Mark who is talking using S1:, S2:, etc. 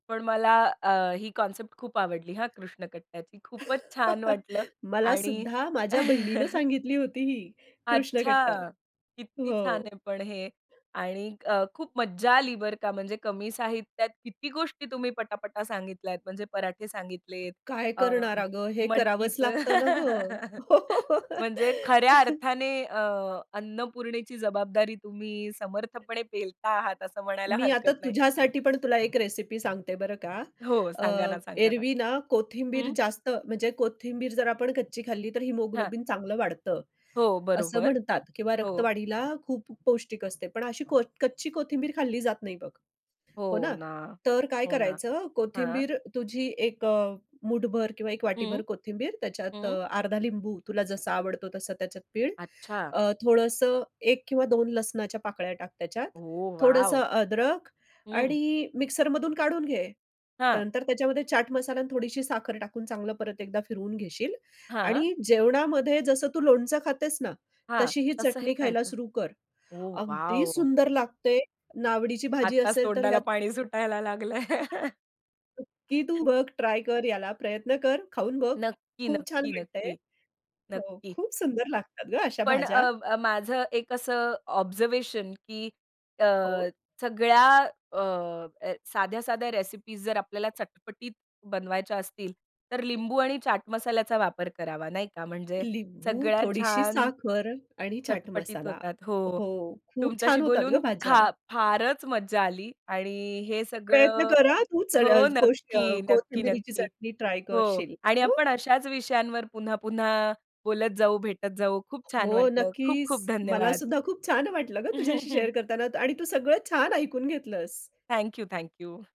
S1: पण मला अ, ही कन्सेप्ट खूप आवडली हा कृष्ण कट्ट्याची. खूपच छान वाटलं.
S2: मला
S1: आणि
S2: सुद्धा माझ्या बहिणीनं सांगितली होती ही कृष्ण कट्टा.
S1: अच्छा! किती छान
S2: हो.
S1: आहे पण हे आणि अ, खूप मज्जा आली बरं का, म्हणजे कमी साहित्यात किती गोष्टी तुम्ही पटापटा सांगितल्यात. म्हणजे पराठे सांगितलेत.
S2: काय
S1: अ,
S2: करणारा अगं. हे करावंच
S1: मटकीचं.
S2: लागतं ना गं. हो, हो, हो.
S1: म्हणजे खऱ्या अर्थाने अ, अन्नपूर्णेची जबाबदारी तुम्ही समर्थपणे पेलता आहात. असं म्हणायला
S2: मी आता
S1: हरकत नाही.
S2: तुझ्यासाठी पण तुला एक रेसिपी सांगते बरं का.
S1: हो.
S2: अ,
S1: सांगा ना, सांगा ना.
S2: एरवी ना कोथिंबीर
S1: हं.
S2: जास्त म्हणजे कोथिंबीर जर आपण कच्ची खाल्ली, तर
S1: हां.
S2: हिमोग्लोबिन चांगलं वाढतं
S1: हो,
S2: असं
S1: बरोबर
S2: म्हणतात किंवा
S1: हो.
S2: रक्तवाढीला खूप पौष्टिक असते. पण अशी को कच्ची कोथिंबीर खाल्ली जात नाही बघ. हो
S1: हो
S2: ना.
S1: ना.
S2: तर काय
S1: हो ना.
S2: करायचं,
S1: हां.
S2: कोथिंबीर तुझी एक अ, मूठभर किंवा एक वाटीभर
S1: हं.
S2: कोथिंबीर त्याच्यात
S1: हं.
S2: अ, अर्धा लिंबू तुला जसा आवडतो तसा त्याच्यात पीळ.
S1: अच्छा.
S2: अ, थोडंसं 1 किंवा 2 लसणाच्या पाकळ्या टाक त्याच्यात,
S1: ओह
S2: थोडंसं
S1: वॉव!
S2: अद्रक
S1: हं.
S2: आणि मिक्सरमधून काढून घे.
S1: हां.
S2: नंतर त्याच्यामध्ये चाट मसाला आणि थोडीशी साखर टाकून चांगलं परत एकदा फिरवून घेशील
S1: हां.
S2: आणि जेवणामध्ये जसं तू लोणचं खातेस ना,
S1: हां,
S2: तशी ही
S1: तसंही
S2: चटणी खायला
S1: खायचं.
S2: सुरु कर.
S1: ओह
S2: अगदी
S1: वॉव!
S2: सुंदर लागते नावडीची भाजी
S1: आत्ताच
S2: असेल तर
S1: तोंडाला
S2: ह्यात.
S1: पाणी सुटायला लागलंय.
S2: [unintelligible] की तू बघ ट्राय कर याला प्रयत्न कर, खाऊन बघ.
S1: नक्की,
S2: खूप छान
S1: नक्की,
S2: वाटतंय.
S1: नक्की.
S2: हो,
S1: नक्की.
S2: खूप सुंदर लागतात गं अशा
S1: पण अ,
S2: भाज्या.
S1: अ, माझं एक असं ऑब्झर्वेशन, की अ,
S2: हो.
S1: सगळ्या अ, साध्या-साध्या रेसिपीज जर आपल्याला चटपटीत बनवायच्या असतील, तर लिंबू आणि चाट मसाल्याचा वापर करावा. नाही का म्हणजे
S2: लिंबू,
S1: सगळ्यात
S2: थोडीशी
S1: छान
S2: साखर आणि चाट
S1: चटपटीत
S2: मसाला.
S1: होतात. हो,
S2: हो, खूप
S1: तुमच्याशी
S2: छान होतात गं
S1: बोलून
S2: भाज्या.
S1: खा फारच मज्जा आली आणि हे
S2: प्रयत्न
S1: सगळं
S2: कर हं, तू च अ,
S1: हो,
S2: कोश अ,
S1: नक्की. नक्की,
S2: कोथिंबिरीची
S1: नक्की.
S2: चटणी ट्राय
S1: हो.
S2: करशील.
S1: आणि
S2: हो.
S1: आपण अशाच विषयांवर पुन्हा-पुन्हा बोलत जाऊ, भेटत जाऊ. खूप छान
S2: हो,
S1: वाटलं. खूप-खूप
S2: नक्कीच. मला
S1: धन्यवाद.
S2: सुद्धा खूप छान वाटलं गं तुझ्याशी शेअर करताना आणि तू सगळं छान ऐकून घेतलंस.
S1: Thank you, thank you.